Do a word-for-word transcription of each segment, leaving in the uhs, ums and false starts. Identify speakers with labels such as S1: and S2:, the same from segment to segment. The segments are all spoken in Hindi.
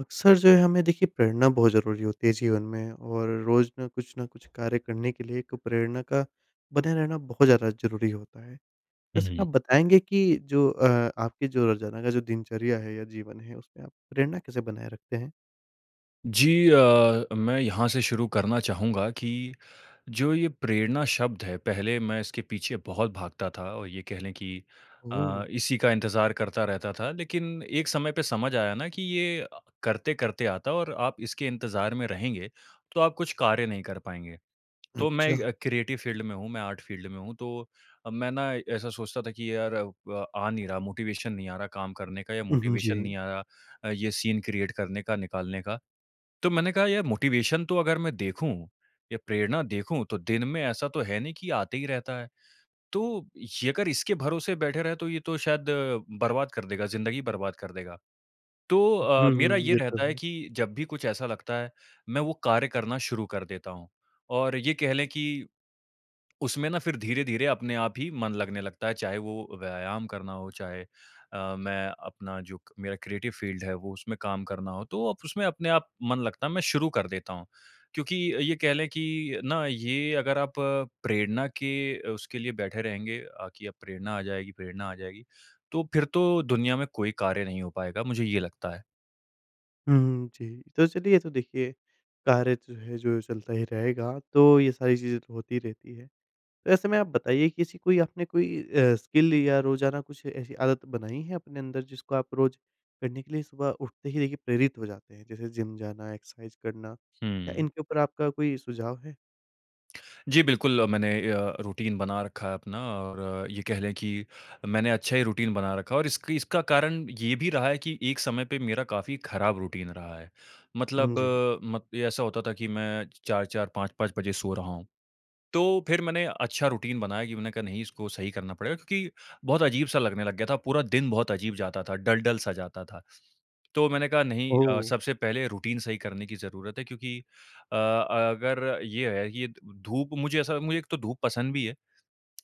S1: अक्सर जो है, हमें, देखिए, प्रेरणा बहुत ज़रूरी होती है जीवन में और रोज़ ना कुछ ना कुछ कार्य करने के लिए एक प्रेरणा का बने रहना बहुत ज़्यादा ज़रूरी होता है।
S2: हुँ,
S1: वैसा ना,
S2: हुँ।
S1: आप बताएँगे कि जो अ, आपकी जो रोज़ाना का जो दिनचर्या है या जीवन है, उसमें आप प्रेरणा कैसे बनाए रखते हैं?
S2: जी अ, मैं यहाँ से शुरू करना चाहूँगा कि जो ये प्रेरणा शब्द है, पहले मैं इसके पीछे बहुत भागता था और ये कह लें कि
S1: ओह!
S2: अ, इसी का इंतज़ार करता रहता था। लेकिन एक समय पे समझ आया ना, कि ये अ, करते-करते आता है और आप इसके इंतज़ार में रहेंगे, तो आप कुछ कार्य नहीं कर पाएँगे। तो मैं अ,
S1: अच्छा।
S2: क्रिएटिव फील्ड में हूँ, मैं आर्ट फील्ड में हूँ। तो अ, मैं ना, ऐसा सोचता था कि, "यार, अब आ नहीं रहा मोटिवेशन नहीं आ रहा काम करने का या
S1: उहुँ,
S2: मोटिवेशन
S1: जी।
S2: नहीं आ रहा अ, ये सीन क्रिएट करने का, निकालने का।" तो मैंने कहा, "यार, मोटिवेशन तो अगर मैं देखूँ, या प्रेरणा देखूँ, तो दिन में ऐसा तो है नहीं कि आते ही रहता है। तो ये अगर इसके भरोसे बैठे रहे तो ये तो शायद बर्बाद कर देगा ज़िंदगी बर्बाद कर देगा।" तो
S1: उ
S2: अ,
S1: हूँ,
S2: मेरा
S1: हुँ,
S2: ये
S1: ये तो
S2: रहता है
S1: है।
S2: कि जब भी कुछ ऐसा लगता है, मैं वो कार्य करना शुरू कर देता हूँ और ये कह लें कि उसमें ना, फिर धीरे-धीरे अपने आप ही मन लगने लगता है, चाहे वो व्यायाम करना हो चाहे अ, मैं अपना जो क मेरा क्रिएटिव फील्ड है वो उसमें काम करना हो। तो वो अप उसमें अपने आप मन लगता है, मैं शुरू कर देता हूँ। क्योंकि अ, ये कह लें कि ना, ये अगर आप प्रेरणा के अ, उसके लिए बैठे रहेंगे अ, कि अब प्रेरणा आ जाएगी, प्रेरणा आ जाएगी, तो फिर तो दुनिया में कोई कार्य नहीं हो पाएगा, मुझे ये लगता है।
S1: हुँ, हुँ। जी, तो चलिए ये तो देखिए, कार्य जो है जो चलता ही रहेगा, तो ये सारी चीज़ें तो होती रहती है। तो ऐसे में आप बताइए कि ऐसी कोई आपने कोई अ, स्किल या रोजाना कुछ ऐसी आदत बनाई है अपने अंदर जिसको आप रोज करने के लिए सुबह उठते ही देखिए प्रेरित हो जाते हैं? जैसे जिम जाना, एक्सरसाइज़ करना या
S2: हुँ।
S1: इनके ऊपर आपका कोई सुझाव है?
S2: जी, बिल्कुल मैंने अ, रूटीन बना रखा है अपना और ये कह लें कि मैंने अच्छा ही रूटीन बना रखा है और इसकी इसका कारण ये भी रहा है कि एक समय पे मेरा काफ़ी ख़राब रूटीन रहा है।
S1: हुँ,
S2: मतलब
S1: जी।
S2: म ये ऐसा होता था कि मैं च चार चार पाँच पाँच बजे सो रहा हूँ, तो फिर मैंने अच्छा रूटीन बनाया कि मैंने कहा नहीं इसको सही करना पड़ेगा क्योंकि बहुत अजीब-सा लगने लग गया था, पूरा दिन बहुत अजीब जाता था, डल डल सा जाता था। तो मैंने कहा नहीं अ,
S1: ओह!
S2: सबसे पहले रूटीन सही करने की ज़रुरत है, क्योंकि अ, अगर ये है कि ये द धूप मुझे ऐसा मुझे एक तो धूप पसंद भी है।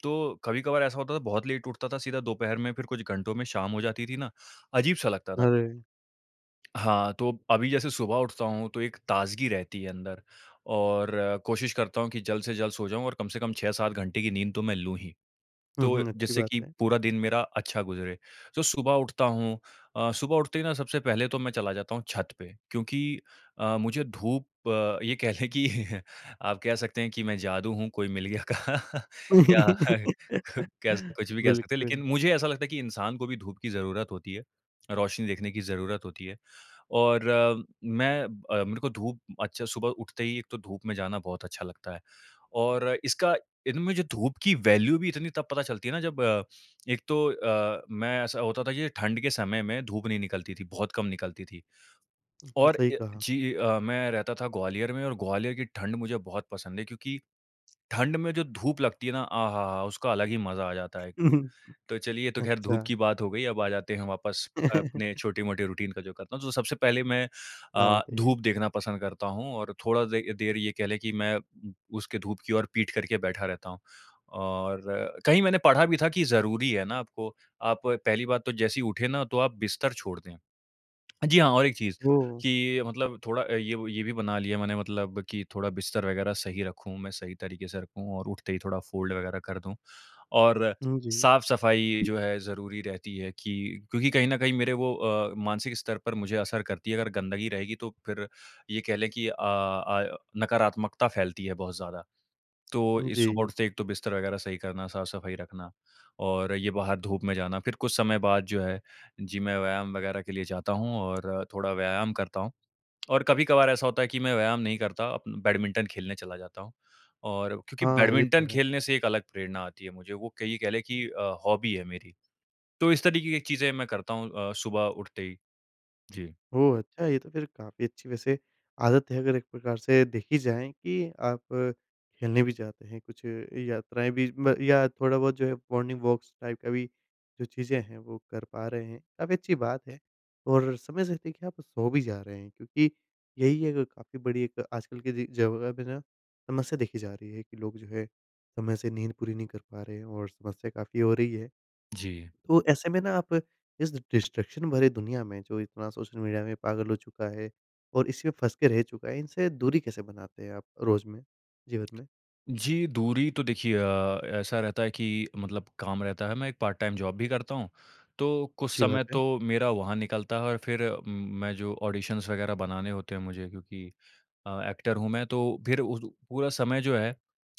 S2: तो कभी-कभार ऐसा होता था बहुत लेट उठता था, सीधा दोपहर में फिर कुछ घंटों में शाम हो जाती थी ना, अजीब सा लगता था।
S1: अरे!
S2: हाँ, तो अभी जैसे सुबह उठता हूँ तो एक ताज़गी रहती है अंदर और कोशिश करता हूँ कि जल्द से जल्द सो जाऊँ और कम से कम छह सात घंटे की नींद तो मैं लूँ ही,
S1: हुँ,
S2: तो,
S1: हुँ। अच्छी
S2: जिससे
S1: बात
S2: कि
S1: है।
S2: पूरा दिन मेरा अच्छा गुज़रे। तो सुबह उठता हूँ अ, सुबह उठते ही ना सबसे पहले तो मैं चला जाता हूँ छत पे, क्योंकि अ, मुझे धूप अ, ये कह लें कि आप कह सकते हैं कि मैं जादू हूँ, कोई मिल गया का। या कह कुछ भी कह सकते हैं
S1: बिल्कुल।
S2: लेकिन मुझे ऐसा लगता है कि इंसान को भी धूप की ज़रुरत होती है, रोशनी देखने की ज़रुरत होती है। और मैं अ, मेरे को धूप अच्छा सुबह उठते ही एक तो धूप में जाना बहुत अच्छा लगता है, और इसका इनमें जो धूप की वैल्यू भी इतनी तब पता चलती है ना, जब एक तो अ, मैं ऐसा होता था ये ठंड के समय में धूप नहीं निकलती थी, बहुत कम निकलती थी।
S1: हुँ, हुँ।
S2: और
S1: सही
S2: अ,
S1: कहा।
S2: जी अ, मैं रहता था ग्वालियर में और ग्वालियर की ठंड मुझे बहुत पसंद है क्योंकि, ठंड में जो धूप लगती है ना, आह हा, हा, हा! उसका अलग ही मज़ा आ जाता है। तो चलिए, ये तो ख़ैर धूप
S1: अच्छा।
S2: की बात हो गई अब आ जाते हैं वापस अपने छोटे-मोटे रूटीन का जो करता हूँ। तो सबसे पहले मैं
S1: हाँ,
S2: अ,
S1: बताइए।
S2: धूप देखना पसंद करता हूँ और थोड़ा दे देर ये कह लें कि मैं उम, उसके धूप की ओर पीठ करके बैठा रहता हूँ। और कहीं मैंने पढ़ा भी था कि ज़रूरी है ना, आपको आप पहली बात तो जैसे ही उठे ना, तो आप बिस्तर छोड़ दें। हाँ जी और एक चीज़,
S1: ओह!
S2: कि मतलब थोड़ा अ, ये वो ये भी बना लिया मैंने मतलब कि थोड़ा बिस्तर वग़ैरह सही रखूँ, मैं सही तरीके से रखूँ और उठते ही थोड़ा फ़ोल्ड वग़ैरह कर दूँ, और
S1: हुँ, जी।
S2: साफ-सफाई जो है ज़रूरी रहती है कि क्योंकि कहीं न कहीं मेरे वो अ, मानसिक स्तर पर मुझे असर करती है, अगर गंदगी रहेगी तो फिर ये कह लें कि अ अ, नकारात्मकता फैलती है बहुत ज़्यादा। तो
S1: उ,
S2: इ सुबह
S1: जी।
S2: उठते ही एक तो बिस्तर वग़ैरह सही करना, साफ-सफाई रखना और ये बाहर धूप में जाना फिर कुछ समय बाद जो है, जी, मैं व्यायाम वग़ैरह के लिए जाता हूँ और थोड़ा व्यायाम करता हूँ। और कभी-कभार ऐसा होता है कि मैं व्यायाम नहीं करता उम, बैडमिंटन खेलने चला जाता हूँ और क्योंकि
S1: हाँ, ये तो
S2: बैडमिंटन
S1: है।
S2: खेलने से एक अलग प्रेरणा आती है मुझे वो क ये कह लें कि अ, हॉबी है मेरी। तो इस तरीके की चीज़ें मैं करता हूँ अ, सुबह उठते ही। जी।
S1: ओह अच्छा! ये तो फिर काफ़ी अच्छी वैसे आदत है अगर एक प्रकार से देखी जाए कि आप खेलने भी जाते हैं, कुछ यात्राएँ भी म या थोड़ा-बहुत जो है मॉर्निंग वॉक्स टाइप का भी जो चीज़ें हैं, वो कर पा रहे हैं, काफ़ी अच्छी बात है। और समय से देखिए आप सो भी जा रहे हैं, क्योंकि यही है क काफ़ी बड़ी एक आजकल की जे जगह में ना समस्या देखी जा रही है, कि लोग जो है समय से नींद पूरी नहीं कर पा रहे हैं और समस्या काफ़ी हो रही है।
S2: जी।
S1: तो ऐसे में ना आप इस डिस्ट्रक्शन भरे दुनिया में जो इतना सोशल मीडिया में पागल हो चुका है और इसी में फँस के रह चुका है, इनसे दूरी कैसे बनाते हैं? आप रोज़ में, जीवन में?
S2: जी, दूरी तो देखिए अ, ऐसा रहता है कि मतलब काम रहता है, मैं एक पार्ट टाइम जॉब भी करता हूँ, तो कुछ
S1: अच्छी बात
S2: समय
S1: है।
S2: तो मेरा वहाँ निकलता है और फिर उम, मैं जो ऑडिशन्स वगैरह बनाने होते हैं मुझे क्योंकि अ, एक्टर हूँ मैं, तो फिर उ जो पूरा समय जो है,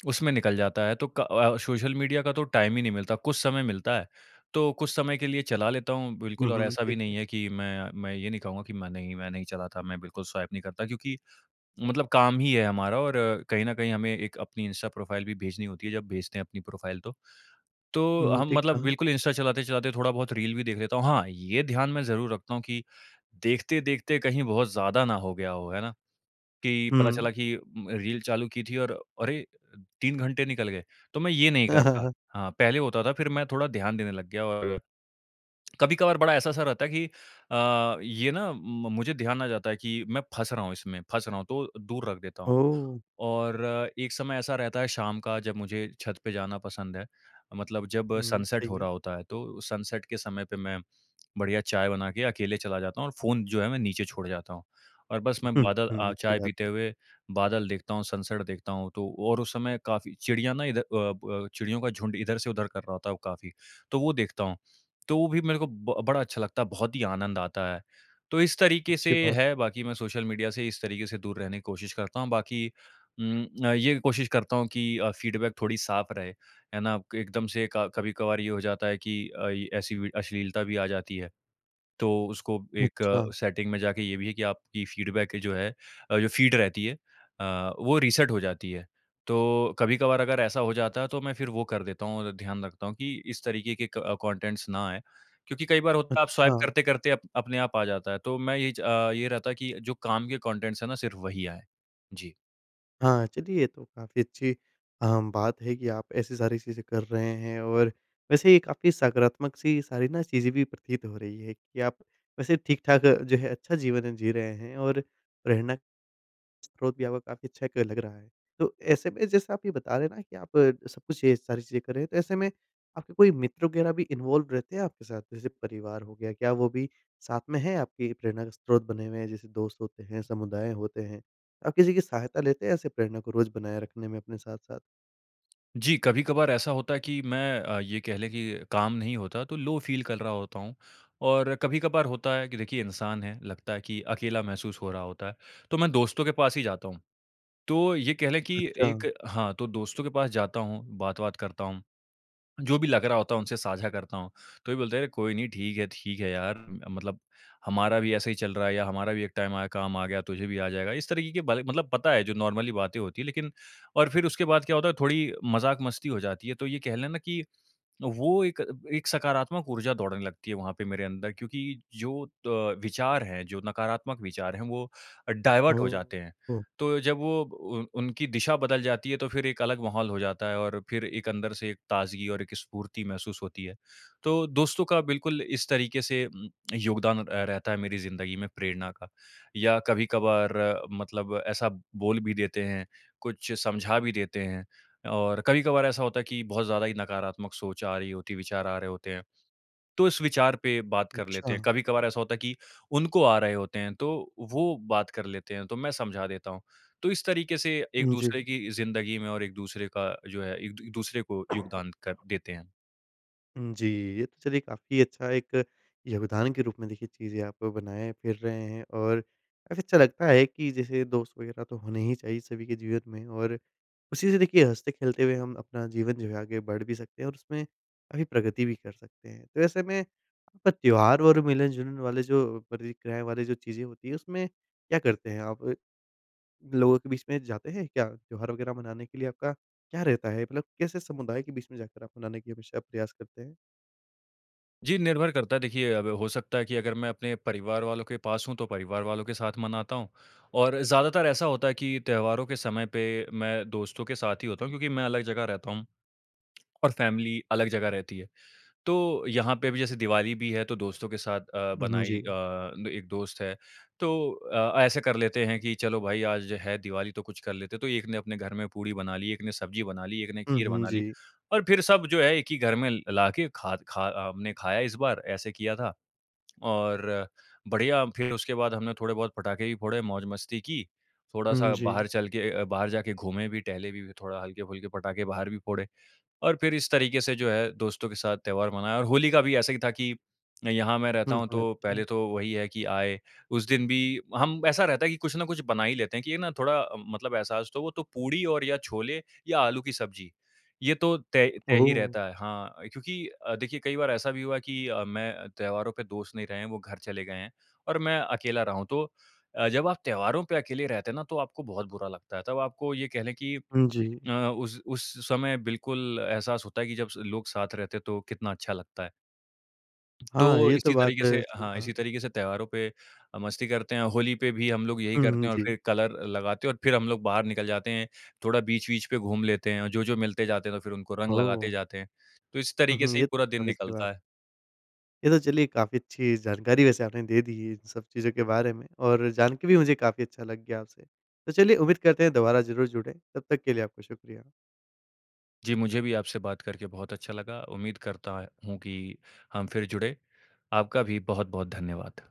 S2: उसमें निकल जाता है, तो क अ, सोशल मीडिया का तो टाइम ही नहीं मिलता। कुछ समय मिलता है, तो कुछ समय के लिए चला लेता हूँ
S1: हुँ,
S2: बिल्कुल और
S1: हुँ,
S2: ऐसा भी
S1: ठीक
S2: नहीं
S1: है।
S2: है कि मैं मैं ये नहीं कहूँगा कि मैं नहीं, मैं नहीं चलाता मैं बिल्कुल स्वाइप नहीं करता क्योंकि मतलब काम ही है हमारा और कहीं न कहीं हमें एक अपनी इंस्टा प्रोफाइल भी भेजनी होती है, जब भेजते हैं अपनी प्रोफाइल तो।
S1: हुँ,
S2: तो,
S1: हुँ।
S2: हम
S1: ठीक
S2: मतलब
S1: कहा।
S2: बिल्कुल इंस्टा चलाते-चलाते थोड़ा-बहुत रील भी देख लेता हूँ, हाँ, ये ध्यान में ज़रूर रखता हूँ कि देखते-देखते कहीं बहुत ज़्यादा ना हो गया हो, है ना? कि पता चला
S1: हुँ।
S2: कि उम, रील चालू की थी और अरे! अ, तीन घंटे निकल गए, तो मैं ये नहीं
S1: हाँ,
S2: करता।
S1: हाँ।
S2: हाँ, पहले होता था फिर मैं थोड़ा ध्यान देने लग गया, और कभी-कभार बड़ा ऐसा-सा रहता है कि अ, ये ना उम, म मुझे ध्यान आ जाता है कि मैं फँस रहा हूँ इसमें, फँस रहा हूँ, तो दूर रख देता हूँ।
S1: ओह!
S2: और एक समय ऐसा रहता है शाम का, जब मुझे छत पे जाना पसंद है, मतलब जब
S1: हुँ,
S2: सनसेट
S1: सही
S2: हो
S1: है।
S2: रहा होता है तो सनसेट के समय पे मैं बढ़िया चाय बना के अकेले चला जाता हूँ और फ़ोन जो है मैं नीचे छोड़ जाता हूँ। और बस मैं बादल अ,
S1: अच्छी
S2: चाय
S1: बात
S2: पीते
S1: है।
S2: हुए, बादल देखता हूँ, सनसेट देखता हूँ तो और उस समय काफ़ी चिड़ियाँ ना इध अ, ब चिड़ियों का झुंड इधर से उधर कर रहा होता है वो काफ़ी, तो वो देखता हूँ, तो वो भी मेरे को ब बड़ा अच्छा लगता है, बहुत ही आनंद आता है। तो इस तरीके से
S1: अच्छी बात
S2: है,
S1: है।
S2: बाकी मैं सोशल मीडिया से इस तरीके से दूर रहने की कोशिश करता हूँ, बाकी उम अ, ये कोशिश करता हूँ कि अ, फीडबैक थोड़ी साफ रहे, है ना? क एकदम से क कभी-कभार ये हो जाता है, कि आई ऐसी वि अश्लीलता भी आ जाती है। तो उसको एक
S1: अच्छा।
S2: सेटिंग में जाके ये भी है कि आपकी फीडबैक जो है अ, जो फीड रहती है अ, वो रीसेट हो जाती है, तो कभी-कभार अगर ऐसा हो जाता है तो मैं फिर वो कर देता हूँ और ध्यान रखता हूँ कि इस तरीके के क कॉन्टेंट्स ना आए। क्योंकि कई बार होता है आप स्वाइप
S1: अच्छा।
S2: करते-करते अप अपने आप आ जाता है, तो मैं ये च अ, ये रहता है कि जो काम के कॉन्टेंट्स हैं ना, सिर्फ वही आएँ। जी।
S1: हाँ, चलिए ये तो काफ़ी अच्छी अ, बात है कि आप ऐसी सारी चीज़ें कर रहे हैं। और वैसे ये काफ़ी सकारात्मक-सी सारी ना चीज़ें भी प्रतीत हो रही है कि आप वैसे ठीक-ठाक जो है अच्छा जीवन जी रहे हैं। और प्रेरणा स्रोत भी आव काफ़ी अच्छा क लग रहा है। तो ऐसे में जैसे आप ये बता रहे हैं ना कि आप सब कुछ ये सारी चीज़ें कर रहे हैं तो ऐसे में आपके कोई मित्र वग़ैरह भी इन्वॉल्व रहते हैं आपके साथ? जैसे परिवार हो गया। क्या वो भी साथ में है आपकी प्रेरणा का स्रोत बने हुए हैं जैसे दोस्त होते हैं, समुदाय होते हैं? आप किसी की सहायता लेते हैं ऐसे प्रेरणा को रोज़ बनाए रखने में अपने साथ-साथ?
S2: जी कभी-कभार ऐसा होता है कि मैं अ, ये कह लें कि काम नहीं होता तो लो फ़ील कल रहा होता हूँ। और कभी-कभार होता है कि देखिए इंसान हैं, लगता है कि अकेला महसूस हो रहा होता है, तो मैं दोस्तों के पास ही जाता हूँ। तो ये कह लें कि
S1: अच्छा।
S2: एक हाँ, तो दोस्तों के पास जाता हूँ, बात-वात करता हूँ। जो भी लग रहा होता है उनसे साझा करता हूँ। तो ये बोलते हैं कोई नहीं ठीक है, ठीक है यार, मतलब हमारा भी ऐसे ही चल रहा है या हमारा भी एक टाइम आया काम आ गया, तुझे भी आ जाएगा। इस तरीके कि बातें मतलब पता है जो नॉर्मली बातें होती है लेकिन और फिर उसके बाद क्या होता है थोड़ी मज़ाक-मस्ती हो जाती है। तो ये कह लें ना कि वो एक एक सकारात्मक ऊर्जा दौड़ने लगती है वहाँ पे मेरे अंदर। क्योंकि जो त विचार है, जो नकारात्मक विचार है वो डायवर्ट हो जाते
S1: हुँ,
S2: हैं।
S1: हुँ।
S2: तो जब वो वो उ उनकी दिशा बदल जाती है तो फिर एक अलग माहौल हो जाता है और फिर एक अंदर से एक ताज़गी और एक स्फूर्ति महसूस होती है। तो दोस्तों का बिल्कुल इस तरीके से उम, योगदान अ, रहता है मेरी ज़िन्दगी में प्रेरणा का। या कभी-कभार मतलब ऐसा बोल भी देते हैं, कुछ समझा भी देते हैं। और कभी-कभार ऐसा होता है कि बहुत ज़्यादा ही नकारात्मक सोच आ रही होती है, विचार आ रहे होते हैं तो इस विचार पे बात कर लेते हैं।
S1: अच्छा।
S2: कभी-कभार ऐसा होता है कि उनको आ रहे होते हैं तो वो बात कर लेते हैं, तो मैं समझा देता हूँ। तो इस तरीके से एक
S1: उ,
S2: दूसरे
S1: जी।
S2: की ज़िन्दगी में और एक-दूसरे का जो है एक दू दूसरे को योगदान कर देते हैं।
S1: हुँ जी, ये तो चलिए काफ़ी अच्छा एक योगदान के रूप में देखिए चीज़ें आप बनाए फ़िर रहे हैं और काफ़ी अच्छा लगता है कि जैसे दोस्त वग़ैरह तो होने ही चाहिए सभी के जीवन में और उसी से देखिए हँसते खेलते हुए हम अपना जीवन जो है आगे बढ़ भी सकते हैं और उसमें काफ़ी प्रगति भी कर सकते हैं। तो ऐसे में अप त्योहार और मिलन-जुलन वाले जो प्रतिक्रियाएँ वाली जो चीज़ें होती हैं उसमें क्या करते हैं आप? अ, लोगों के बीच में जाते हैं क्या त्योहार वग़ैरह मनाने के लिए आपका क्या रहता है? मतलब कैसे समुदाय के बीच में जाकर आप मनाने के लिए हमेशा प्रयास करते हैं?
S2: जी निर्भर करता है। देखिए अब हो सकता है कि अगर मैं अपने परिवार वालों के पास हूँ तो परिवार वालों के साथ मनाता हूँ। और ज़्यादातर ऐसा होता है कि त्योहारों के समय पे मैं दोस्तों के साथ ही होता हूँ क्योंकि मैं अलग जगह रहता हूँ। और फ़ैमिली अलग जगह रहती है। तो यहाँ पे भी जैसे दिवाली भी है तो दोस्तों के साथ अ,
S1: हुँ, हुँ।
S2: बनाई
S1: जी।
S2: अ, एक दोस्त है। तो अ, ऐसे कर लेते हैं कि चलो भाई आज है दिवाली तो कुछ कर लेते हैं। तो एक ने अपने घर में पूड़ी बना ली, एक ने सब्जी बना ली, एक ने
S1: हुँ,
S2: खीर
S1: हुँ।
S2: बना ली
S1: जी।
S2: और फ़िर सब जो है एक ही घर में लाके ख़ाद ख़ा हमने खाया इस बार ऐसे किया था और बढ़िया फ़िर उसके बाद हमने थोड़े बहुत पटाखे भी फोड़े, मौज मस्ती की,
S1: हुँ,
S2: थोड़ा-सा
S1: जी।
S2: बाहर चल के अ अ, बाहर जाके घूमे भी टहले भी थोड़ा हल्के-फुल्के पटाखे बाहर भी फोड़े और फ़िर इस तरीक़े से जो है दोस्तों के साथ त्योहार मनाया और होली का भी ऐसा ही था की यहाँ मैं रहता
S1: हुँ।
S2: हूँ
S1: हाँ।
S2: तो पहले
S1: अच्छा।
S2: तो वही है कि आए। उस दिन भी हम ऐसा रहता है कि कुछ ना कुछ बना ही लेते हैं कि ये ना थोड़ा अम, मतलब एहसास तो वो तो पूड़ी और या छोले या आलू की सब्जी। ये तो तय तय ही
S1: ओह!
S2: रहता है। हाँ, क्योंकि अ, देखिए कई बार ऐसा भी हुआ की मैं त्योहारों पे दोस्त नहीं रहे हैं वो घर चले गए हैं और मैं अकेला रहा हूँ। तो अ, जब आप त्योहारों पे अकेले रहते हैं ना तो आपको बहुत बुरा लगता है। तब आपको ये कह लें की
S1: हुँ, जी।
S2: अ, उस उस समय बिल्कुल एहसास होता है कि स जब लोग साथ रहते हैं तो कितना अच्छा लगता है।
S1: हाँ
S2: तो
S1: ये तो
S2: इसी
S1: बात
S2: तरीक़े
S1: है,
S2: से
S1: सही
S2: हाँ,
S1: कहा।
S2: इसी तरीक़े से त्योहारों पे मस्ती करते हैं। होली पे भी हम लोग यही
S1: हुँ,
S2: करते
S1: हुँ।
S2: हैं और
S1: जी।
S2: फ़िर कलर लगाते हैं और फ़िर हम लोग बाहर निकल जाते हैं। थोड़ा बीच-वीच पे घूम लेते हैं और जो-जो मिलते जाते हैं तो फ़िर उनको रंग लगाते
S1: ओह!
S2: जाते हैं। तो इस
S1: हुँ,
S2: तरीक़े
S1: हुँ।
S2: से ही
S1: ये तो
S2: पूरा दिन
S1: काफ़ी सही बात है।
S2: निकलता है।
S1: ये तो चलिए काफ़ी अच्छी जानकारी वैसे आपने दे दी है इन सब चीज़ों के बारे में और जान के भी मुझे काफ़ी अच्छा लग गया आपसे। तो चलिए उम्मीद करते हैं दोबारा ज़रूर जुड़ें। तब तक के लिए आपका शुक्रिया।
S2: जी मुझे भी आपसे बात करके बहुत अच्छा लगा। उम्मीद करता ऐं हूँ कि हम फ़िर जुड़ें। आपका भी बहुत-बहुत धन्यवाद।